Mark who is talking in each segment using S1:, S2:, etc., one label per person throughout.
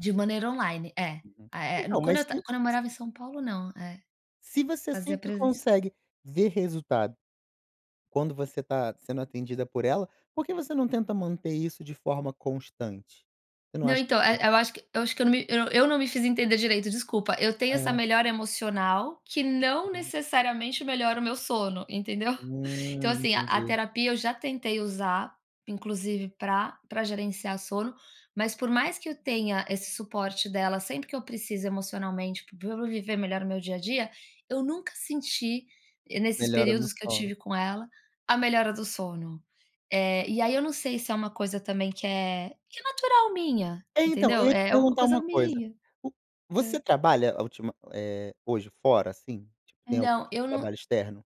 S1: De maneira online, é.
S2: Uhum.
S1: Eh,
S2: Então,
S1: quando
S2: mas
S1: eu tav
S2: se
S1: quando eu
S2: s
S1: morava em São Paulo, não, eh.
S2: se você
S1: Fazia
S2: sempre
S1: presencial.
S2: consegue ver resultado quando você tá sendo atendida por ela, por que você não tenta manter isso de forma constante? Você não
S1: Não,
S2: acha
S1: então,
S2: que
S1: eh,
S2: seria
S1: eu acho que acho que me eu não me fiz entender direito, desculpa. Eu tenho essa
S2: Hã.
S1: melhora emocional que não
S2: Aham.
S1: necessariamente melhora o meu sono, entendeu? Então
S2: Hum,
S1: assim, a a
S2: entendi.
S1: terapia eu já tentei usar, inclusive pra pra gerenciar sono, mas por mais que eu tenha esse suporte dela sempre que eu preciso emocionalmente para eu viver melhor no meu dia a dia, eu nunca senti, e nesses
S2: Melhora no
S1: períodos que eu
S2: sono.
S1: tive com ela, a melhora do sono. Eh, e aí eu não sei se é uma coisa também que é que é natural minha,
S2: Então, eu
S1: entendeu?
S2: ia te
S1: É uma
S2: perguntar
S1: coisa
S2: uma coisa,
S1: minha.
S2: o
S1: Hã.
S2: você trabalha a ultima eh, hoje fora, assim? Tem algum tipo
S1: Não,
S2: de
S1: eu não
S2: trabalho externo?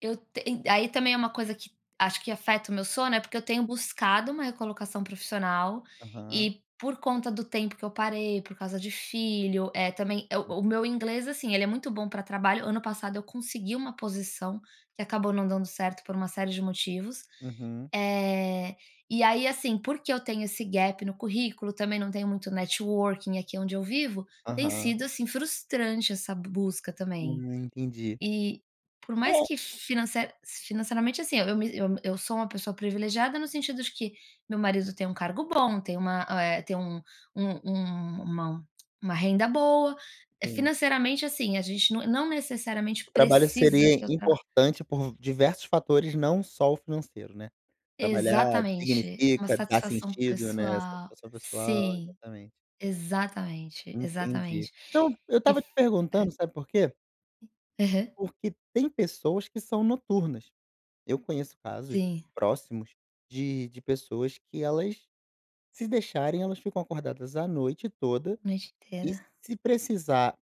S1: Eu ten aí também é uma coisa que acho que afeta o meu sono, é porque eu tenho buscado uma recolocação profissional
S2: Aham.
S1: e, por conta do tempo que eu parei, por causa de filho, eh, também.
S2: [unintelligible]
S1: O meu inglês, assim, ele é muito bom pra trabalho, ano passado eu consegui uma posição que acabou não dando certo por uma série de motivos.
S2: Uhum.
S1: Eh, e aí assim, porque eu tenho esse gap no currículo, também não tenho muito networking aqui onde eu vivo, tem
S2: Aham.
S1: sido, assim, frustrante essa busca também.
S2: Hum, entendi.
S1: E, por mais
S2: É.
S1: que finance financeiramente assim, eu me eu sou uma pessoa privilegiada, no sentido de que meu marido tem um cargo bom, tem uma, eh, tem um um uma uma renda boa, eh,
S2: Sim.
S1: financeiramente assim, a gente não não necessariamente
S2: O trabalho
S1: precisa
S2: seria
S1: que eu trabalhe.
S2: importante por diversos fatores, não só o financeiro, né? Trabalhar
S1: Exatamente! Uma
S2: dignifica, da
S1: satisfação
S2: sentido, né?
S1: pessoal.
S2: Satisfação pessoal.
S1: Sim,
S2: Exatamente!
S1: exatamente,
S2: Entendi.
S1: exatamente.
S2: Não, eu
S1: E
S2: estava
S1: f
S2: te
S1: é.
S2: perguntando, sabe por quê?
S1: Aham.
S2: Porque tem pessoas que são noturnas. Eu conheço casos,
S1: Sim.
S2: próximos, de de pessoas que elas, se deixarem, elas ficam acordadas a noite toda
S1: A noite
S2: e,
S1: inteira.
S2: se precisar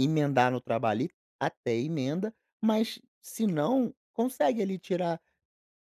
S2: emendar no trabalho ali, até emenda, mas se não, consegue ali tirar,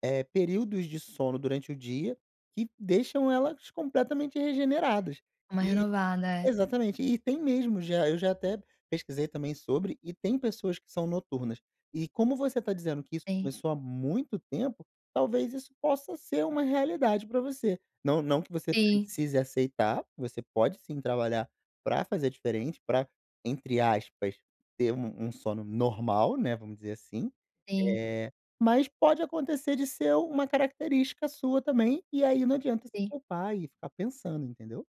S2: eh, períodos de sono durante o dia que deixam elas completamente regeneradas,
S1: Uma
S2: e
S1: renovada, é.
S2: Exatamente! E tem mesmo já, eu já até pesquisei também sobre, e tem pessoas que são noturnas. E, como você tá dizendo que isso
S1: Sim.
S2: começou há muito tempo, talvez isso possa ser uma realidade pra você. Não não que você
S1: Sim.
S2: precise aceitar, você pode sim trabalhar pra fazer diferente, pra entre aspas, ter um um sono normal, né, vamos dizer assim,
S1: Sim.
S2: eh, mas pode acontecer de ser uma característica sua também, e aí não adianta se
S1: Sim.
S2: culpar e ficar pensando, entendeu?